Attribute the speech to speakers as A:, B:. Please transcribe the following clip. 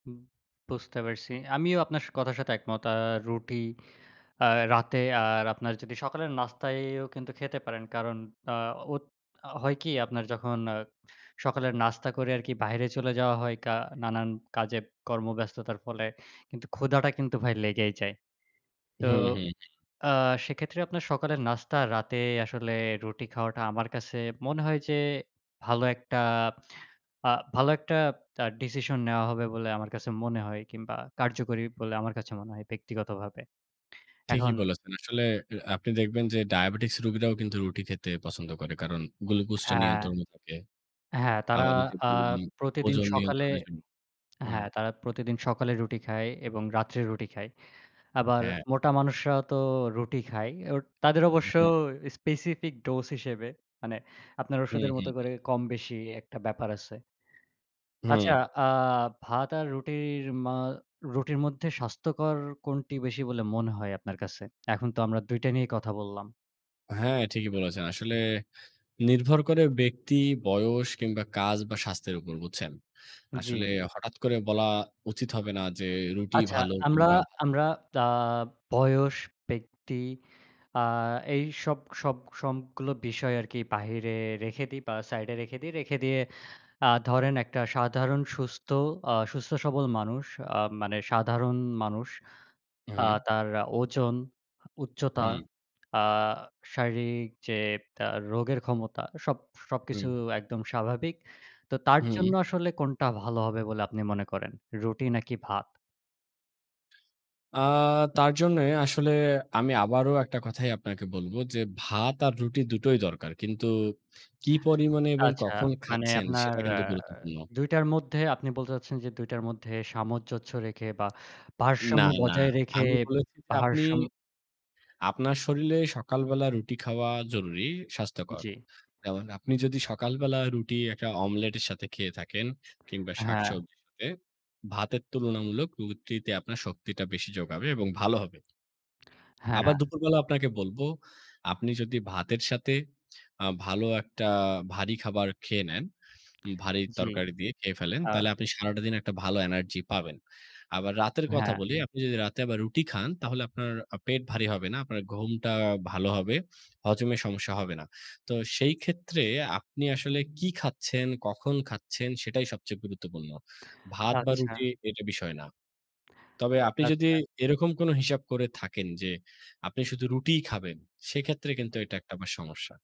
A: হুম, বুঝতে পারছি। আমিও আপনার স কথার সাথে একমত। আ রুটি আ রাতে, আর আপনার যদি সকালের নাস্তায়ও কিন্তু খেতে পারেন, কারণ আ হো হয় কি? আপনার যখন আ সকালের নাস্তা করে আরকি বাহিরে চলে যাওয়া হয় কা নানান কাজে, কর্মব্যস্ততার ফলে কিন্তু ক্ষুধাটা কিন্তু ভাই লেগেই যায়। তো
B: হুম, হুম, হুম।
A: আ সেক্ষেত্রে আপনার সকালের নাস্তা, রাতে আসলে রুটি খাওয়াটা আমার কাছে মনে হয় যে, ভালো একটা, আ ভালো একটা তা ডিসিশন নেয়া হবে বলে আমার কাছে মনে হয়, কিংবা কার্যকরী বলে আমার কাছে মনে হয়, ব্যক্তিগতভাবে।
B: ঠিকই
A: এখন
B: বলেছেন। আসলে এ আপনি দেখবেন যে, ডায়াবেটিকস রুগীরাও কিন্তু রুটি খেতে পছন্দ করে। কারণ গ্লুকোজটা
A: হ্যাঁ।
B: নিয়ন্ত্রণে থাকে।
A: হ্যাঁ, তারা
B: আবার যে
A: আ
B: বললাম,
A: প্রতিদিন
B: ওজন
A: সকালে
B: নিয়ন্ত্রণের জন্য হুম।
A: হ্যাঁ, তারা প্রতিদিন সকালে রুটি খায় এবং রাত্রে রুটি খায়। আবার
B: হ্যাঁ।
A: মোটা মানুষরা তো রুটি খায়। ওট তাদের
B: উ
A: অবশ্য
B: হুম।
A: স্পেসিফিক ডোজ হিসেবে। মানে আপনার
B: হুম,
A: ওষুধের
B: হুম,
A: মতো করে,
B: হুম।
A: কম-বেশি একটা ব্যাপার আছে আচ্ছা,
B: হুম।
A: আ ভাত আর রুটির, মা রুটির মধ্যে স্বাস্থ্যকর কোনটি বেশি বলে মনে হয় আপনার কাছে? এখন তো আমরা ২ টা নিয়েই কথা বললাম।
B: হ্যাঁ, ঠিকই বলেছেন। আসলে নির্ভর করে ব্যক্তি, বয়স কিংবা কাজ বা স্বাস্থ্যের উপর, বুঝছেন?
A: জ্বি।
B: আসলে হঠাৎ করে বলা উচিত হবে না যে, রুটি
A: আচ্ছা,
B: ভালো
A: আমরা,
B: কিংবা ভালো
A: আমরা দা বয়স, ব্যক্তি আ এইসব সব সব সবগুলো বিষয় আরকি বাহিরে রেখে দিই বা সাইডে রেখে দিই। রেখে দিয়ে আ ধরেন, একটা সাধারণ সুস্থ, আ সুস্থ-সবল মানুষ আ মানে সাধারণ মানুষ, আ
B: হুম।
A: তার ওজন, উচ্চতা,
B: হুম।
A: আ শারীরিক যে, তা রোগের ক্ষমতা, সব সবকিছু
B: হুম।
A: একদম স্বাভাবিক। তো তার জন্য
B: হুম।
A: আসলে কোনটা ভালো হবে বলে আপনি মনে করেন? রুটি নাকি ভাত?
B: আ তার জন্যই আসলে, আমি আবারো একটা কথাই আপনাকে বলব যে, ভাত আর রুটি দুটোই দরকার। কিন্তু কী পরিমাণে এবং
A: আচ্ছা,
B: কখন
A: মানে
B: খাচ্ছেন?
A: আপনার
B: সেটা
A: আ
B: কিন্তু গুরুত্বপূর্ণ।
A: ২ টার মধ্যে আপনি বলতে চাচ্ছেন যে, ২ টার মধ্যে সামঞ্জস্য রেখে বা
B: না,
A: ভারসাম্য
B: না।
A: বজায় রেখে,
B: আমি বলেছি যে আপনি,
A: ভারসাম্য
B: আপনার শরীরে সকালবেলা রুটি খাওয়া জরুরী, স্বাস্থ্যকর।
A: জ্বি।
B: এবং আপনি যদি সকালবেলা রুটি একটা অমলেটের সাথে খেয়ে থাকেন, কিংবা
A: হ্যাঁ।
B: শাকসবজির সাথে ভাতের তুলনামূলক রুটিতে আপনার শক্তিটা বেশি জোগাবে এবং ভালো হবে আবার
A: হ্যাঁ।
B: দুপুরবেলা আপনাকে বলবো, আপনি যদি ভাতের সাথে আ ভালো একটা ভারী খাবার খেয়ে নেন, ভারী
A: জ্বি।
B: তরকারি দিয়ে খেয়ে ফেলেন,
A: আ
B: তাইলে আপনি সারাটা দিন, একটা ভালো এনার্জি পাবেন। আবার রাতের কথা
A: হ্যাঁ।
B: বলি, আপনি যদি রাতে আবার রুটি খান, তাহলে আপনার আ পেট ভারী হবে না, আপনার ঘুমটা ভালো হবে, হজমের সমস্যা হবে না। তো সেই ক্ষেত্রে আপনি আসলে কি খাচ্ছেন, কখন খাচ্ছেন? সেটাই সবচেয়ে গুরুত্বপূর্ণ। ভাত বা
A: আচ্ছা।
B: রুটি, এটা বিষয় না। তবে আপনি যদি
A: আচ্ছা।
B: এরকম কোন হিসাব করে থাকেন যে, আপনি শুধু রুটিই খাবেন, সেক্ষেত্রে কিন্তু
A: জ্বি।
B: এটা একটা বা সমস্যা।